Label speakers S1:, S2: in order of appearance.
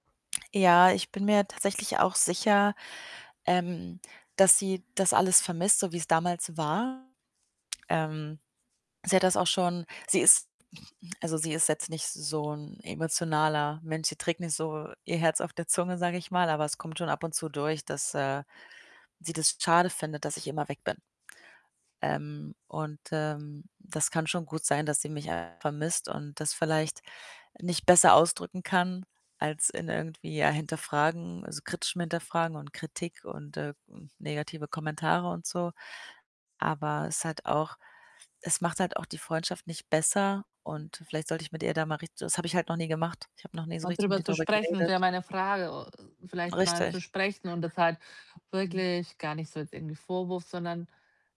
S1: Ja, ich bin mir tatsächlich auch sicher, ähm, dass sie das alles vermisst, so wie‘s damals war. Ähm, sie hat das auch schon sie ist also, sie ist jetzt nicht so 'n emotionaler Mensch, sie trägt nicht so ihr Herz auf der Zunge, sage ich mal, aber es kommt schon ab und zu durch, dass, äh, sie das schade findet, dass ich immer weg bin. Ähm, und, ähm, das kann schon gut sein, dass sie mich [unintelligible] vermisst und das vielleicht nicht besser ausdrücken kann als in irgendwie ja Hinterfragen, also kritischem Hinterfragen und Kritik und, äh negative Kommentare und so. Aber es hat auch es macht halt auch die Freundschaft nicht besser und vielleicht sollte ich mit ihr da mal richt das habe ich halt noch nie gemacht. Ich habe noch nie so
S2: Mal
S1: richtig mit
S2: drüber
S1: ihr
S2: zu
S1: drüber
S2: sprechen wäre
S1: geredet.
S2: meine Frage äh, vielleicht mal zu
S1: Richtig.
S2: sprechen und das halt
S1: Mhm.
S2: wirklich gar nicht so als irgendwie Vorwurf, sondern